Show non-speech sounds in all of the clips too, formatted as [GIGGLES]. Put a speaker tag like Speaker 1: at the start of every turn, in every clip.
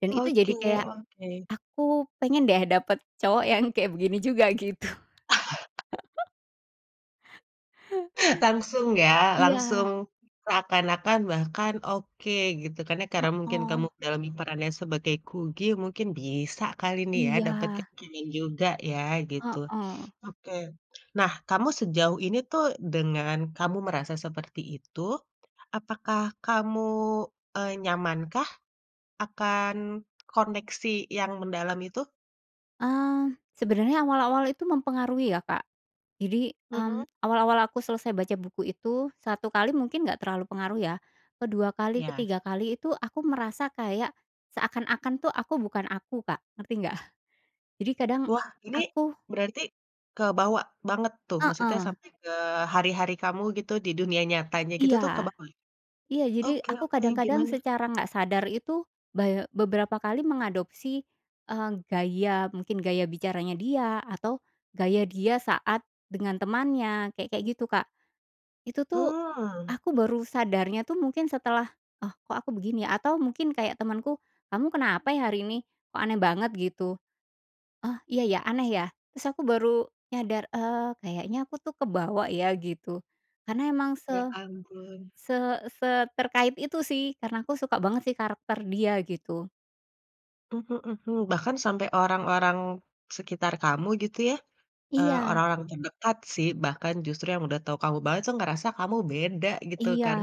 Speaker 1: Dan itu
Speaker 2: Oke
Speaker 1: jadi kayak,
Speaker 2: oke.
Speaker 1: aku pengen deh, dapet cowok yang kayak begini juga, gitu.
Speaker 2: [CHUCKLES]
Speaker 1: [GIGGLES]
Speaker 2: Langsung ya?
Speaker 1: Iya.
Speaker 2: Langsung seakan-akan bahkan oke gitu, kan ya. Karena mungkin kamu
Speaker 1: Heeh.
Speaker 2: dalami peran lain sebagai Kugi, mungkin bisa kali nih ya, dapet kek
Speaker 1: Iya.
Speaker 2: keren juga ya, gitu,
Speaker 1: Heeh.
Speaker 2: oke, Nah kamu sejauh ini tuh, dengan kamu merasa seperti itu, apakah kamu, eee, nyamankah akan koneksi yang mendalam itu?
Speaker 1: Mmm, sebenarnya awal-awal itu mempengaruhi ya, Kak. Jadi, mmm,
Speaker 2: Mhm.
Speaker 1: awal-awal aku selesai baca buku itu 1 kali mungkin nggak terlalu pengaruh ya, ke-2 kali,
Speaker 2: Iya.
Speaker 1: ke-3 kali itu aku merasa kayak seakan-akan tuh, aku bukan aku, Kak, ngerti nggak? Jadi kadang
Speaker 2: Wah, ini
Speaker 1: aku
Speaker 2: berarti kebawa banget tuh? Maksudnya
Speaker 1: Heeh.
Speaker 2: sampai ke hari-hari kamu gitu, di dunia nyatanya gitu tuh,
Speaker 1: Iya,
Speaker 2: kebawa ya?
Speaker 1: iya, jadi
Speaker 2: Oke
Speaker 1: aku
Speaker 2: oke
Speaker 1: kadang-kadang
Speaker 2: gimana?
Speaker 1: secara nggak sadar itu baye beberapa kali mengadopsi, eee, gaya mungkin gaya bicaranya dia, atau gaya dia saat dengan temannya kek kayak gitu, Kak. Itu tuh,
Speaker 2: Mmm.
Speaker 1: aku baru sadarnya tuh mungkin setelah, "Oh, kok aku begini ya?" Atau mungkin kayak temanku, "Kamu kenapa ya, hari ini, kok aneh banget?" Gitu, "Oh, iya ya, aneh ya?" Terus aku baru nyadar, eee, kayaknya aku tuh kebawa ya, gitu. Karena emang
Speaker 2: Ya
Speaker 1: se
Speaker 2: ampun.
Speaker 1: se seterkait itu sih, karena aku suka banget sih karakter dia, gitu.
Speaker 2: Mhm mhm, bahkan sampai orang-orang sekitar kamu gitu ya, eee,
Speaker 1: Iya.
Speaker 2: orang-orang terdekat sih, bahkan justru yang udah tahu kamu banget tuh, ngerasa kamu beda gitu
Speaker 1: Iya,
Speaker 2: kan?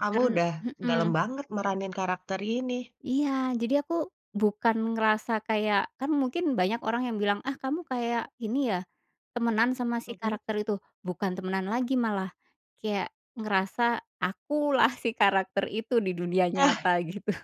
Speaker 2: Kamu
Speaker 1: karen
Speaker 2: udah dalem
Speaker 1: mhm.
Speaker 2: banget meranin karakter ini.
Speaker 1: Iya, jadi aku bukan ngerasa kayak, kan mungkin banyak orang yang bilang, "Ah, kamu kayak ini ya, temenan sama si
Speaker 2: Mhm.
Speaker 1: karakter itu?" "Bukan temenan lagi, malah kayak ngerasa akulah si karakter itu di dunia
Speaker 2: [CHUCKLES]
Speaker 1: nyata!" gitu.